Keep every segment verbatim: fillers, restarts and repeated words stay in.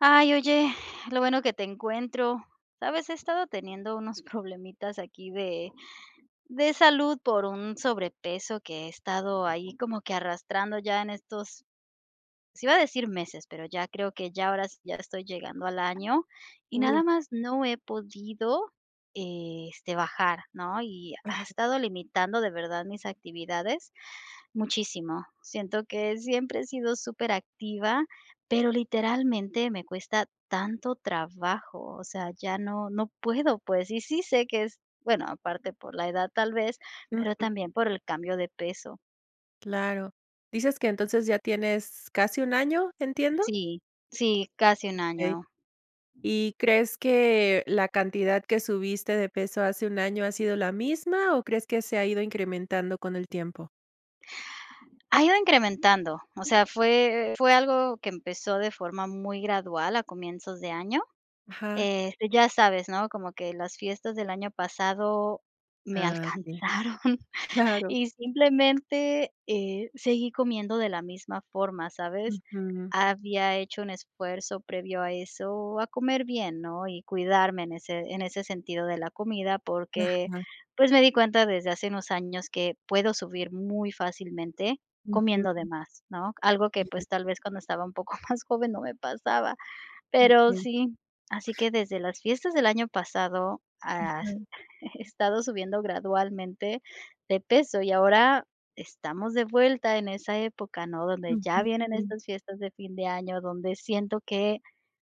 Ay, oye, lo bueno que te encuentro. ¿Sabes?, he estado teniendo unos problemitas aquí de de salud por un sobrepeso que he estado ahí como que arrastrando ya en estos sí iba a decir meses, pero ya creo que ya ahora ya estoy llegando al año y Uy. nada más no he podido, este, bajar, ¿no? Y ha Ajá. estado limitando de verdad mis actividades muchísimo. Siento que siempre he sido superactiva, pero literalmente me cuesta tanto trabajo. O sea, ya no no puedo, pues. Y sí sé que es bueno, aparte por la edad, tal vez, pero Ujú. también por el cambio de peso. Claro, ¿dices que entonces ya tienes casi un año? ¿Entiendo? Sí, sí, casi un Okey. año. Y, ¿crees que la cantidad que subiste de peso hace un año ha sido la misma o crees que se ha ido incrementando con el tiempo? Ha ido incrementando. O sea, fue fue algo que empezó de forma muy gradual a comienzos de año. Ajá. Este, ya sabes, ¿no? Como que las fiestas del año pasado me Ah, sí. alcanzaron Claro. y simplemente, eh, seguí comiendo de la misma forma, ¿sabes? Ujú. Había hecho un esfuerzo previo a eso a comer bien, ¿no?, y cuidarme en ese en ese sentido de la comida porque Ajá. pues me di cuenta desde hace unos años que puedo subir muy fácilmente comiendo de Ujú. más, ¿no? Algo que Ya. pues tal vez cuando estaba un poco más joven no me pasaba. Pero Okey. sí, así que desde las fiestas del año pasado ha Ajá. he estado subiendo gradualmente de peso y ahora estamos de vuelta en esa época, ¿no? Donde ya Ujú. vienen estas fiestas de fin de año, donde siento que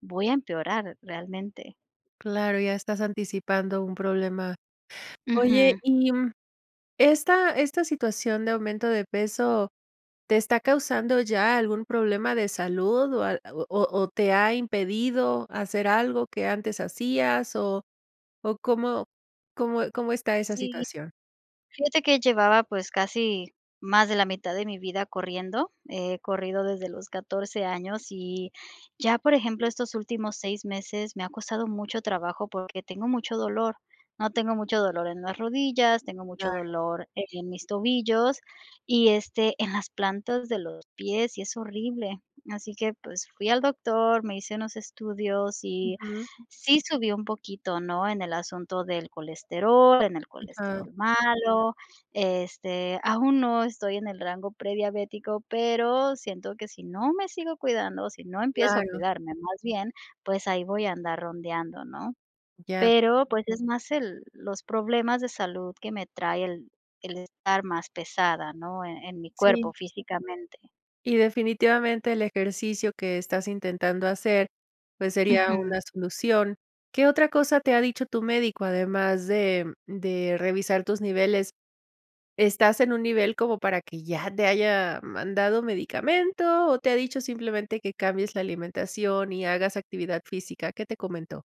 voy a empeorar realmente. Claro, ya estás anticipando un problema. Oye, Ujú. y esta esta situación de aumento de peso, ¿te está causando ya algún problema de salud o ha o o te ha impedido hacer algo que antes hacías o o cómo cómo cómo está esa Sí. situación? Fíjate que llevaba, pues casi más de la mitad de mi vida corriendo, he corrido desde los catorce años y ya, por ejemplo, estos últimos seis meses me ha costado mucho trabajo porque tengo mucho dolor, ¿no? Tengo mucho dolor en las rodillas, tengo mucho Claro. dolor en mis tobillos y este en las plantas de los pies y es horrible. Así que pues fui al doctor, me hice unos estudios y Ujú. sí subió un poquito, ¿no? En el asunto del colesterol, en el Ajá. colesterol malo, este, aún no estoy en el rango prediabético, pero siento que sí no me sigo cuidando, sí no empiezo a Claro. cuidarme más bien, pues ahí voy a andar rondeando, ¿no? Ya. Pero pues es más el los problemas de salud que me trae el el estar más pesada, ¿no? E en mi cuerpo Sí. físicamente. Y definitivamente el ejercicio que estás intentando hacer, pues sería Ujú. una solución. ¿Qué otra cosa te ha dicho tu médico, además de de revisar tus niveles? ¿Estás en un nivel como para que ya te haya mandado medicamento o te ha dicho simplemente que cambies la alimentación y hagas actividad física? ¿Qué te comentó?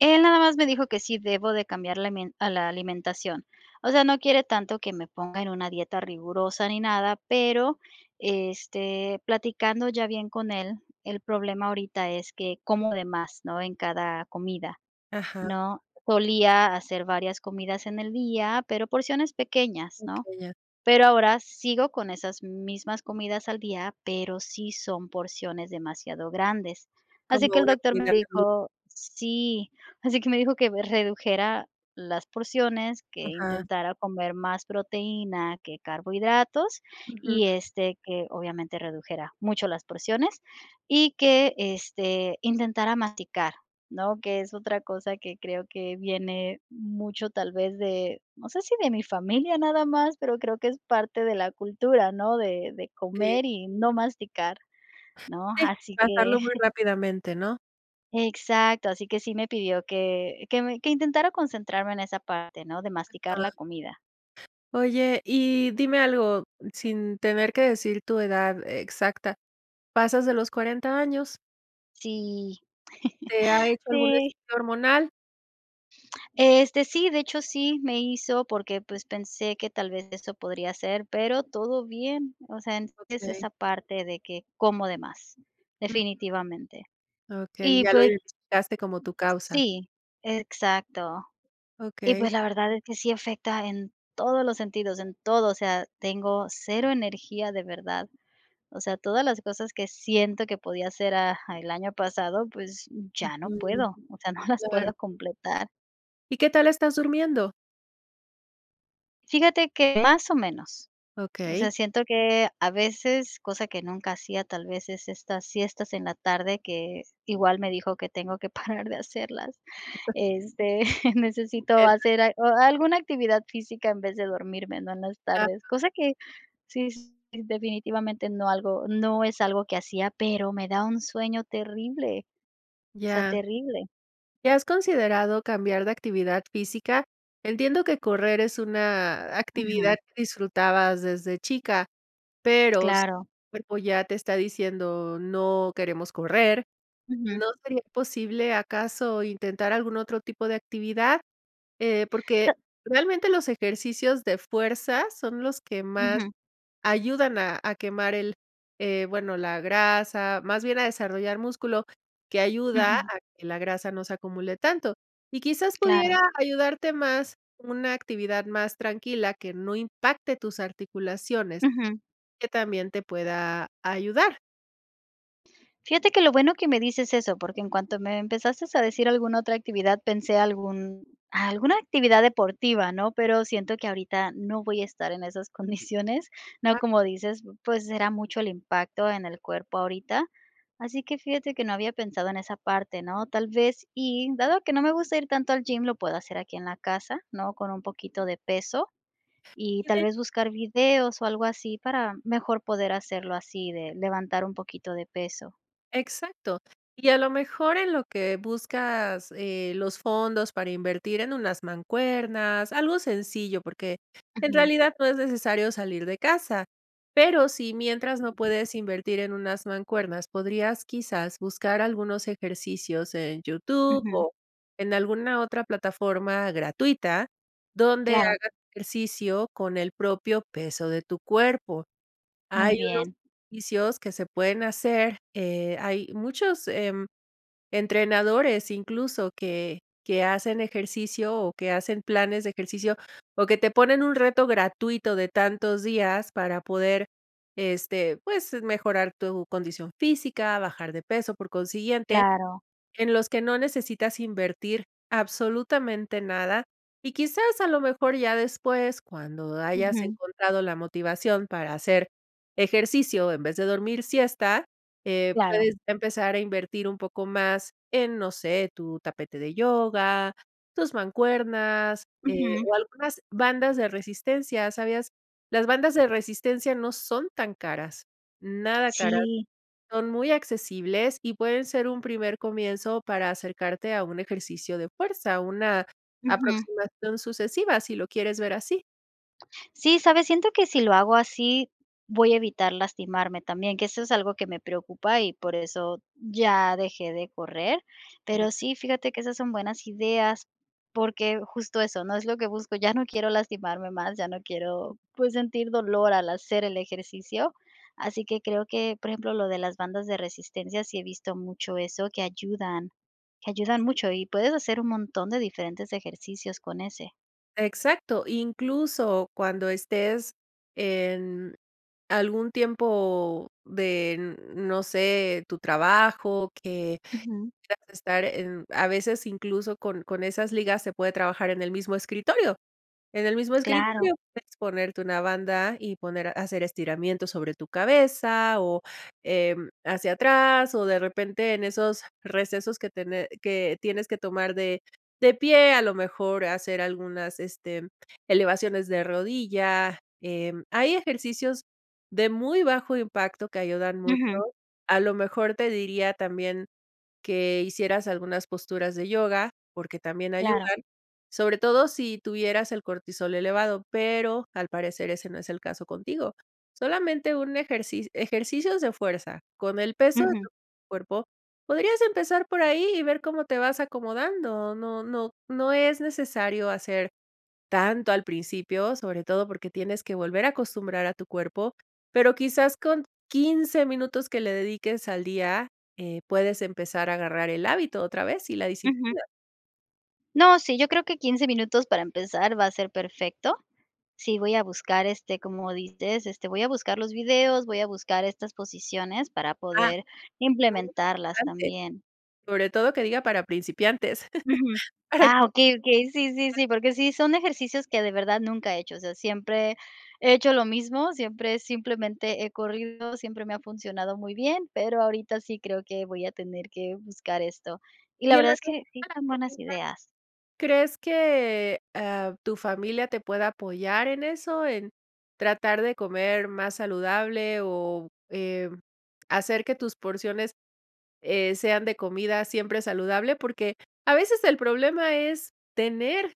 Él nada más me dijo que sí debo de cambiar la al a la alimentación, o sea, no quiere tanto que me ponga en una dieta rigurosa ni nada, pero, este, platicando ya bien con él, el problema ahorita es que como de más, ¿no?, en cada comida, Ajá. ¿no?, solía hacer varias comidas en el día, pero porciones pequeñas, ¿no?, Okey, ya. pero ahora sigo con esas mismas comidas al día, pero sí son porciones demasiado grandes, así Como que el una doctor me comida. [unintelligible] dijo sí, así que me dijo que redujera las porciones que Ajá. intentara comer más proteína que carbohidratos Ujú. y este que obviamente redujera mucho las porciones y que este intentara masticar, ¿no?, que es otra cosa que creo que viene mucho tal vez de, no sé si de mi familia nada más, pero creo que es parte de la cultura, ¿no?, de de Sí. comer y no masticar, ¿no?, Sí, así que. pasarlo muy rápidamente, ¿no? Exacto, así que sí me pidió que que me que intentara concentrarme en esa parte, ¿no?, de masticar Ajá. la comida. Oye, y dime algo, sin tener que decir tu edad exacta, ¿pasas de los cuarenta años? Sí, ¿Te ha hecho algún sí. estudio hormonal? Este, sí, de hecho, sí me hizo porque pues pensé que tal vez eso podría ser, pero todo bien, o sea, en es Okey. esa parte de que como de más, Ujú. definitivamente. Okey, Y ya lo pues. identificaste como tu causa. Sí, exacto. Y Okey. pues la verdad es que sí afecta en todos los sentidos, en todo, o sea, tengo cero energía, de verdad. O sea, todas las cosas que siento que podía hacer a el año pasado, pues ya no Ujú, puedo, o sea, no las claro. puedo completar. ¿Y qué tal estás durmiendo? Fíjate que más o menos. O sea, Okey. siento que a veces, cosa que nunca hacía, tal vez es estas siestas en la tarde que igual me dijo que tengo que parar de hacerlas. [unintelligible] Este, necesito [unintelligible] hacer a o alguna actividad física en vez de dormirme, ¿no?, en las tardes. Va. Cosa que sí, definitivamente no algo, no es algo que hacía, pero me da un sueño terrible, o sea, Ya. terrible. ¿Y has considerado cambiar de actividad física? Entiendo que correr es una actividad Ujú. que disfrutabas desde chica, pero si el Claro. cuerpo ya te está diciendo: "No queremos correr", Ujú. ¿no sería posible acaso intentar algún otro tipo de actividad? Eh, porque [unintelligible] realmente los ejercicios de fuerza son los que más Ujú. ayudan a a quemar el, eh, bueno, la grasa, más bien a desarrollar músculo que ayuda Ujú. a que la grasa no se acumule tanto y quizás Claro. pudiera ayudarte más una actividad más tranquila que no impacte tus articulaciones, Ujú. que también te pueda ayudar. Fíjate que lo bueno que me dices eso, porque en cuanto me empezaste a decir alguna otra actividad, pensé algún alguna actividad deportiva, ¿no? Pero, siento que ahorita no voy a estar en esas condiciones, ¿no? [unintelligible] Como dices, pues, será mucho el impacto en el cuerpo ahorita. Así que fíjate que no había pensado en esa parte, ¿no? Tal vez, y dado que no me gusta ir tanto al gym, lo puedo hacer aquí en la casa, ¿no?, con un poquito de peso, y tal [unintelligible] vez, buscar videos, o algo así para mejor poder hacerlo así de levantar un poquito de peso. Exacto. Y a lo mejor en lo que buscas, eh, los fondos para invertir en unas mancuernas, algo sencillo, porque, en Ujú. realidad no es necesario salir de casa. Pero, si mientras no puedes invertir en unas mancuernas, podrías quizás buscar algunos ejercicios en YouTube Ujú. o en alguna otra plataforma gratuita donde Claro. hagas ejercicio con el propio peso de tu cuerpo. Muy Hay unos bien. ejercicios que se pueden hacer, eh, hay muchos, em, entrenadores, incluso que que hacen ejercicio, o que hacen planes de ejercicio o que te ponen un reto gratuito de tantos días para poder, este, pues, mejorar tu condición física, bajar de peso, por consiguiente, Claro. en los que no necesitas invertir absolutamente nada, y quizás a lo mejor ya después, cuando hayas Ujú. encontrado la motivación para hacer ejercicio en vez de dormir siesta, eh, Claro. puedes empezar a invertir un poco más en, no sé, tu tapete de yoga, tus mancuernas, eh, Ujú. o algunas bandas de resistencia. ¿Sabías? Las bandas de resistencia no son tan caras, nada caras. Sí. Son muy accesibles y pueden ser un primer comienzo para acercarte a un ejercicio de fuerza, una Ujú. aproximación sucesiva si lo quieres ver así. Sí, ¿sabes? Siento que si lo hago así voy a evitar lastimarme también, que eso es algo que me preocupa y por eso ya dejé de correr, pero sí, fíjate que esas son buenas ideas porque, justo eso, ¿no?, es lo que busco, ya no quiero lastimarme más, ya no quiero, pues, sentir dolor al hacer el ejercicio, así que creo que, por ejemplo, lo de las bandas de resistencia, sí he visto mucho eso que ayudan que ayudan mucho y puedes hacer un montón de diferentes ejercicios con ese. Exacto, incluso cuando estés en algún tiempo de n no sé, tu trabajo que Ujú. quieras estar en a veces incluso con con esas ligas se puede trabajar en el mismo escritorio. En el mismo Claro escritorio puedes ponerte una banda y poner a hacer estiramiento sobre tu cabeza, o eh, hacia atrás o de repente, en esos recesos que tene que tienes que tomar de de pie a lo mejor hacer algunas, este, elevaciones de rodilla, em, hay ejercicios de muy bajo impacto que ayudan mucho, Ujú. a lo mejor te diría también que hicieras algunas posturas de yoga, porque, también Claro. ayudan, sobre todo si tuvieras el cortisol elevado, pero, al parecer ese no es el caso contigo. Solamente un ejerci ejercicios de fuerza con el peso de tu Ujú. cuerpo, podrías empezar por ahí y ver cómo te vas acomodando, no no no es necesario hacer tanto al principio, sobre todo porque, tienes que volver a acostumbrar a tu cuerpo, pero, quizás con quince, minutos, que le dediques al día, eh, puedes empezar a agarrar el hábito otra vez y la Ujú. disciplina. No, sí, yo creo que quince minutos para empezar va a ser perfecto, sí, voy a buscar, este, como dices, este, voy a buscar los videos, voy a buscar estas posiciones para Ah, poder lo más implementarlas importante, también. sobre todo que diga para principiantes, Ujú, para ah, que. okey, okey, sí, [unintelligible] . sí, sí, porque sí son ejercicios que de verdad nunca he hecho, o sea, siempre he hecho lo mismo, siempre simplemente he corrido, siempre me ha funcionado muy bien, pero ahorita sí creo que voy a tener que buscar esto, y Y la en verdad la es cuestión que sí de la son buenas comida, ideas. ¿crees que, ah, tu familia te pueda apoyar en eso en tratar de comer más saludable o, em, hacer que tus porciones, eh, sean de comida siempre saludable?, porque a veces el problema es tener,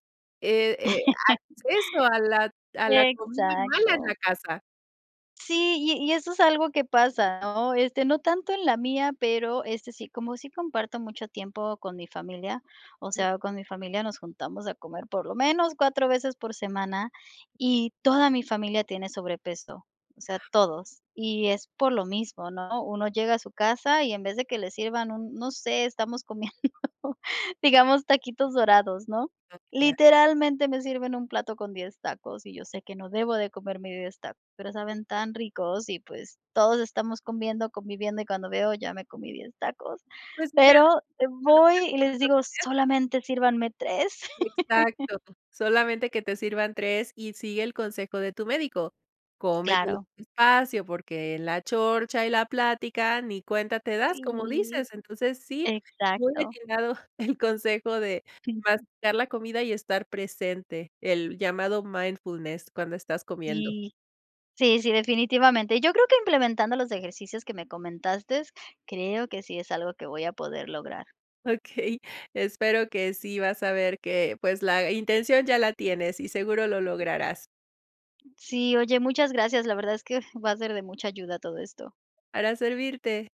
eh eh, acceso a la a la comida mala en la Exacto. casa. Sí, y y eso es algo que pasa, ¿no?, este, no tanto en la mía, pero este sí, como sí comparto mucho tiempo con mi familia, o Mm. sea, con mi familia nos juntamos a comer por lo menos cuatro veces por semana y toda mi familia tiene sobrepeso, o sea, Ajá. todos, y es por lo mismo, ¿no?, uno llega a su casa y en vez de que le sirvan un, no sé, estamos comiendo digamos taquitos dorados, ¿no?, Ah, ya. literalmente me sirven un plato con diez tacos y yo sé que no debo de comerme diez tacos, pero [unintelligible] . saben tan ricos y, pues, todos estamos comiendo, conviviendo y cuando veo, ya me comí diez tacos Pues mira, pero cuando voy sean y les esos digo días. solamente sírvanme tres. Exacto, solamente que te sirvan tres y sigue el consejo de tu médico, cómetelo Claro. despacio, porque en la chorcha y la plática ni cuenta te das, como Sí, dices, entonces sí, muy exacto. atinado el consejo de Sí. masticar la comida y estar presente, el llamado mindfulness cuando estás comiendo. Sí, sí, sí, definitivamente, yo creo que implementando los ejercicios que me comentaste, creo que sí es algo que voy a poder lograr. Okey, espero que sí vas a ver que, pues, la intención ya la tienes y seguro lo lograrás. Sí, oye, muchas gracias, la verdad es que va a ser de mucha ayuda todo esto. Para servirte.